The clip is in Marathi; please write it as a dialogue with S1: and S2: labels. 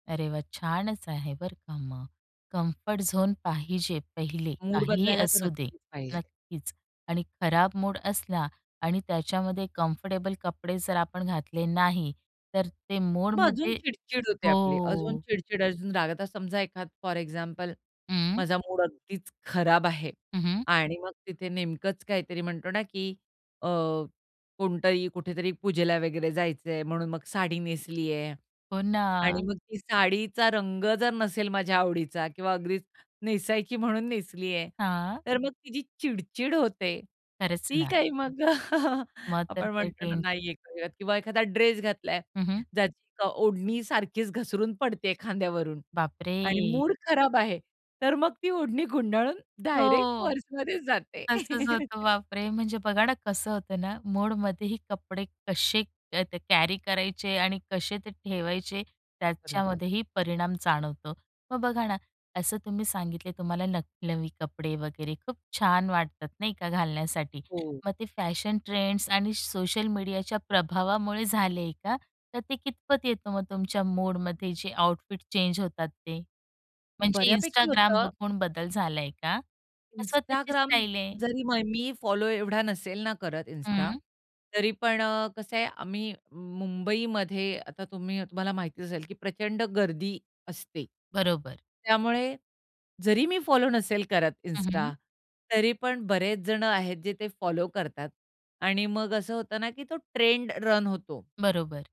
S1: अरे वा! छानच आहे बरं का मग. कम्फर्ट झोन पाहिजे पहिले,
S2: मूड
S1: काहीही
S2: बदलायला तर
S1: असू दे.
S2: नक्कीच पाहिजे.
S1: नक्कीच आणि खराब मूड असला आणि त्याच्यामध्ये कम्फर्टेबल कपडे जर आपण घातले नाही तर ते
S2: मग अजून
S1: मूडमध्ये,
S2: चिड-चिड होते आपली, अजून
S1: हो.
S2: चिड-चिड, अजून रागावता समजा एखादं फॉर एक्झाम्पल
S1: हं.
S2: माझा मूड अगदीच खराब आहे
S1: हं, हं.
S2: आणि मग तिथे नेमकंच काहीतरी म्हणतो ना, की अ, कोणतरी कुठेतरी पूजेला वगैरे जायचंय म्हणून मग साडी नेसलीये
S1: हो
S2: आणि
S1: ना.
S2: मग ती साडीचा रंग जर नसेल माझ्या आवडीचा किंवा अगदीच नेसायची म्हणून नेसली आहे,
S1: हां.
S2: तर मग ती जी चिड-चिड होते,
S1: खरंच
S2: ती
S1: ना.
S2: काय मग,
S1: मग तर
S2: आपण
S1: काही
S2: म्हणतो ना,
S1: टेन
S2: नाहीये [unintelligible] किंवा एखादा ड्रेस घातला आहे,
S1: हं, हं.
S2: ज्याची का अ, ओढणी सारखीच घसरून पडते खांद्यावरून
S1: बापरे!
S2: आणि मूड खराब आहे, तर मग ती ओढणी गुंडाळून डायरेक्ट
S1: हो.
S2: पर्समध्येच जाते.
S1: तसंच होतं. बापरे! म्हणजे बघा ना, कसं होतं ना मुडमध्येही कपडे कसे अ, कॅरी करायचे आणि कसे ते ठेवायचे
S2: बरोबर.
S1: त्याच्यामध्येही परिणाम जाणवतो. मग बघा ना, असं तुम्ही सांगितले, तुम्हाला न नवी कपडे वगैरे खूप छान वाटतात नाही का घालण्यासाठी,
S2: हो.
S1: मग ते फॅशन ट्रेंड्स आणि सोशल मीडियाच्या प्रभावामुळे झालंय का, तर ते कितपत येतं मग तुमच्या मुडमध्ये जे आउटफिट चेंज होतात ते? म्हणजे
S2: बऱ्यापैकी
S1: Instagram
S2: होतं.
S1: बघून बदल झालाय का कसं त्याची
S2: Instagram
S1: स्टाईल आहे?
S2: जरी मय मी फॉलो एवढा नसेल ना करत इन्स्टा,
S1: हं.
S2: तरी पण अ, कसं आहे, आम्ही मुंबईमध्ये आता तुम्ही तुम्हाला माहिती असेल, की प्रचंड गर्दी असते.
S1: बरोबर.
S2: त्यामुळे जरी मी फॉलो नसेल करत
S1: हं, हं.
S2: इन्स्टा, तरी पण बरेच जण आहेत जे ते फॉलो करतात आणि मग असं होतं ना, की तो ट्रेंड रन होतो.
S1: बरोबर.